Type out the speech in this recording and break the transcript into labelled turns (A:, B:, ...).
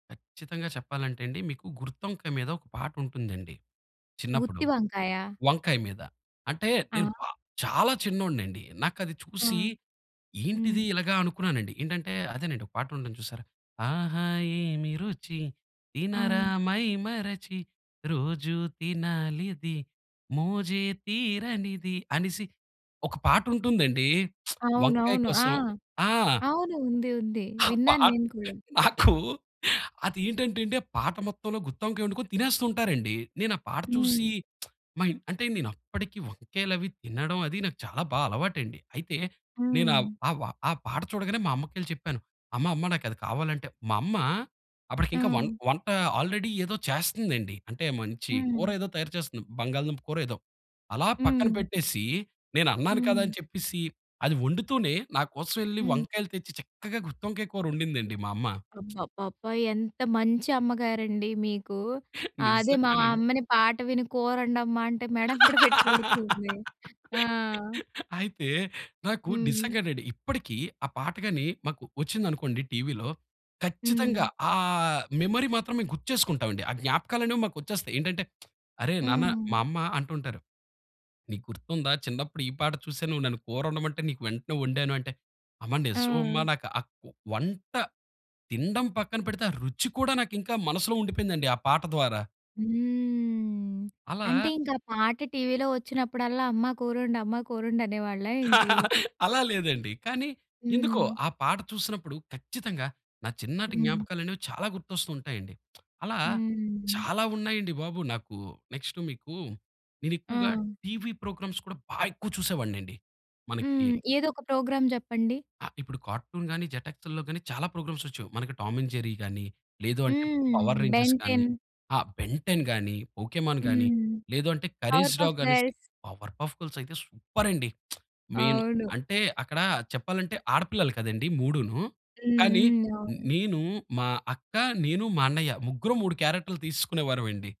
A: కచ్చితంగా చెప్పాలంటే అండి మీకు గుత్తొంకాయ మీద ఒక పాటుంటుందండి. చిన్నప్పుడు
B: గుత్తి వంకాయ?
A: వంకాయ మీద. అంటే నేను బ
B: ఆ!
A: చాలా చిన్నోడినిండి. నాకది
B: ఆ!
A: చూసి ఏంటిది
B: హ్మ్.
A: ఇలాగ అనుకున్నానండి. ఏంటంటే అదేనండి ఒక పాటుంటుంది చూసారా? ఆహా! ఏమి రుచి, తినరా
B: ఆ!
A: మైమరచి, రోజు తినాలిది మోజే తీరనిది అనేసి ఒక పాటుంటుందండి వంకాయ
B: అవునవును. ఆ!
A: కోసం. ఆ!
B: అవును ఉంది. ఉంది.
A: ఆ పాట
B: విన్నాన్నేను కూడా.
A: నాకు అదేంటంటే అండి ఆ పాట మొత్తంలో గుత్తొంకాయొండుకొని తినేస్తు ఉంటారండి. నేనాపాట చూసి
B: హ్మ్.
A: మా ఇంట్ అంటే నేనప్పటికి వంకాయలు అవి తినడం అది నాకు చాలా బా అలవాటండి. అయితే నేనా
B: హ్మ్.
A: ఆ వ ఆ పాట చూడగానే మా అమ్మకెళ్లి చెప్పాను. అమ్మ, అమ్మ నాకది కావాలంటే మా అమ్మ అప్పటికి ఇంకా వం
B: ఆ!
A: వంట ఆల్రెడీ ఏదో చేస్తుందండి. అంటే మంచి కూర
B: హ్మ్.
A: ఏదో తయారు చేస్తుంది. బంగాళదుంప కూరో ఏదో. అలా పక్కన
B: హ్మ్.
A: పెట్టేసి, నేనన్నాను కదా!
B: హ్మ్.
A: అని చెప్పేసి అది వండుతూనే నాకోసం ఎళ్లి
B: హ్మ్.
A: వంకాయలు తెచ్చి చక్కగా గుత్తొంకాయ కూరొండిందండి మా అమ్మ.
B: అబ్బబ్బబ్బా! ఎంత మంచి అమ్మగారండి మీకు. అదే
A: నిజంగా
B: మా
A: నండి.
B: అమ్మని పాట విని కూరండమ్మా అంటే మెడెంబడి పెట్టి కొడుతుంది. ఆ!
A: అయితే నాకు
B: హ్మ్.
A: నిజంగండి. ఇప్పటికి ఆ పాట గాని మాకు ఒచ్చిందనుకోండి టీవీలో. ఖచ్చితంగా
B: హ్మ్.
A: ఆ మెమరీ మాత్రం మేము గుర్తు చేసుకుంటామండి. ఆ జ్ఞాపకాలనేవి మాకొచ్చేస్తాయి. ఏంటంటే అరేయ్ నాన్న మా
B: హ్మ్.
A: అమ్మ అంటుంటారు. "నీకు గుర్తుందా? చిన్నప్పుడు ఈ పాట చూసే నువ్వు నన్ను కూరొండమంటే నీకు వెంటనే వండాను." అంటే అమ్మ నిజం అమ్మ.
B: ఆ!
A: నాకు ఆ కు వంట తినడం పక్కన పెడితే ఆ రుచి కూడా నాకు ఇంకా మనసులో ఉండిపోయిందండి ఆ పాట ద్వారా.
B: హ్మ్. అంటే
A: అలా
B: ఇంకా పాట టీవీలో వచ్చినప్పుడల్లా అమ్మ కూరొండు, అమ్మ కూరొండు అనే వాళ్ళా ఏంటి?
A: అలా లేదండి. కానీ ఎందుకో
B: హ్మ్.
A: ఆ పాట చూసినప్పుడు ఖచ్చితంగా నా చిన్ననాటి
B: హ్మ్.
A: జ్ఞాపకాలనేవి చాలా గుర్తొస్తూ ఉంటాయండి. అలా
B: హ్మ్.
A: చాలా ఉన్నాయండి బాబు నాకు. నెక్స్ట్ మీకు నేను ఎక్కువగా
B: ఆ!
A: టీవీ ప్రోగ్రామ్స్ కూడా బా ఎక్కువ చూసేవాడినండి. మనకి
B: హ్మ్. ఏదో ఒక ప్రోగ్రాం జెప్పండి.
A: ఆ! ఇప్పుడు కార్టూన్ గాని, జెట్‌ఎక్స్‌ల్లో గాని చాలా ప్రోగ్రామ్స్ వచ్చాయి. మనకు టామ్ అండ్ జెర్రీ కానీ, లేదు అంటే పవర్
B: హ్మ్.
A: రేంజర్స్ కానీ,
B: బెన్‌టెన్.
A: ఆహ్, బెన్టెన్ కానీ, పోకేమాన్ కానీ,
B: హ్మ్.
A: లేదంటే కరేజ్
B: పవర్ పఫ్
A: డాగ్ అనేసి
B: గర్ల్స్.
A: పవర్‌పఫ్ గర్ల్స్ అయితే సూపరండి. మెయిన్
B: అవును.
A: అంటే అక్కడ చెప్పాలంటే ఆడపిల్లలు కదండీ మూడును,
B: హ్మ్.
A: కానీ
B: హ్మ్. అవును.
A: నేను, మా అక్క, నేను, మా అన్నయ్య ముగ్గురం మూడు క్యారెక్టర్లు తీసుకునేవారమండి.